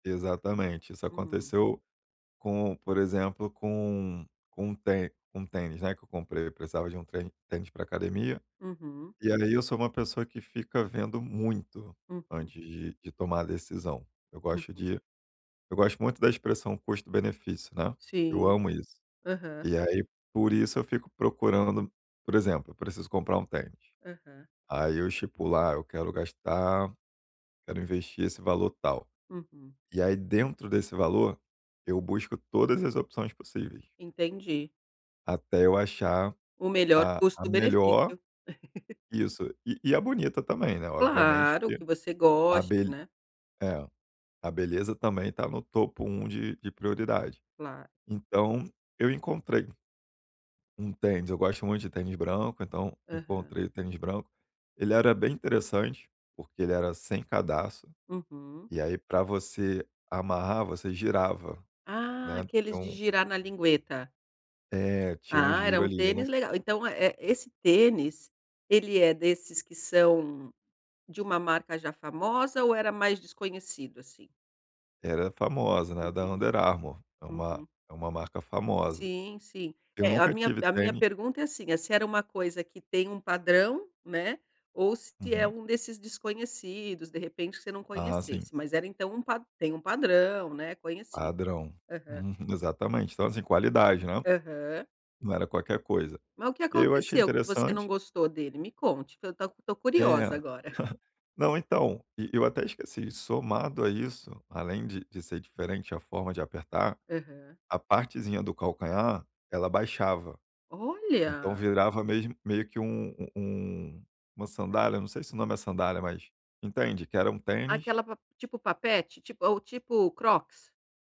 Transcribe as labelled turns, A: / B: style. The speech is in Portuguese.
A: Exatamente. Isso
B: Uhum.
A: aconteceu com por exemplo, com um com um tê com um tênis, né, que eu comprei. Eu precisava de um trem tênis pra academia,
B: Uhum.
A: e ali eu sou uma pessoa que fica vendo muito
B: Uhum.
A: antes de de tomar a decisão. Eu gosto
B: Uhum.
A: de eu gosto muito da expressão custo-benefício, né. Eu
B: Sim.
A: amo isso.
B: Aham.
A: E aí, por isso, eu fico procurando por exemplo: eu preciso comprar um tênis.
B: Aham.
A: Aí eu estipulo lá: eu quero gastar quero investir esse valor tal.
B: Uhum.
A: E aí, dentro desse valor, eu busco todas as opções possíveis.
B: Entendi.
A: Até eu achar
B: O melhor
A: a a melhor
B: custo-benefício.
A: isso e e a bonita também, né. Obviamente
B: Claro,
A: que
B: que você
A: a
B: goste,
A: be
B: né.
A: é, a beleza também está no topo 1 de de prioridade.
B: Claro.
A: Então, eu encontrei um tênis. Eu gosto muito de tênis branco, então
B: Aham.
A: encontrei o tênis branco. Ele era bem interessante, porque ele era sem cadarço,
B: Uhum.
A: e aí, pra você amarrar, você girava,
B: Ah,
A: né. Tinha
B: aqueles de
A: um
B: girar na lingueta.
A: é, tinha um
B: Ah, era
A: giro
B: um
A: ali. Eu não
B: tênis legal, então eh eh, esse tênis, ele é desses que são de uma marca já famosa ou era mais desconhecido, assim?
A: Era famosa, né, da
B: Entendi.
A: Under Armour, é uma
B: Uhum.
A: é uma marca famosa.
B: Sim, sim.
A: Eu
B: É, a
A: nunca
B: minha
A: tive
B: a minha
A: tênis
B: pergunta é assim: se era uma coisa que tem um padrão, né, ou se é
A: Uhum.
B: um desses desconhecidos, de repente você não
A: Ah, sim.
B: conhecesse? Mas era, então, um pa tem um padrão, né, conhecido.
A: Padrão.
B: Aham.
A: Uhum. Exatamente então, assim, qualidade, né.
B: Aham.
A: Não era qualquer coisa.
B: Mas o que
A: E aí eu achei
B: aconteceu que você não
A: interessante.
B: gostou dele? Me conte, pra eu tô tô
A: É.
B: curiosa agora.
A: Não então, e e eu até esqueci, somado a isso, além de de ser diferente a forma de apertar,
B: Aham.
A: a partezinha do calcanhar, ela abaixava. Então
B: Olha.
A: virava mesmo meio que um u um uma sandália, não sei se o nome é sandália mas, entende? Que era um tênis
B: Aquela pa tipo, papete, tipo ou, tipo, Crocs?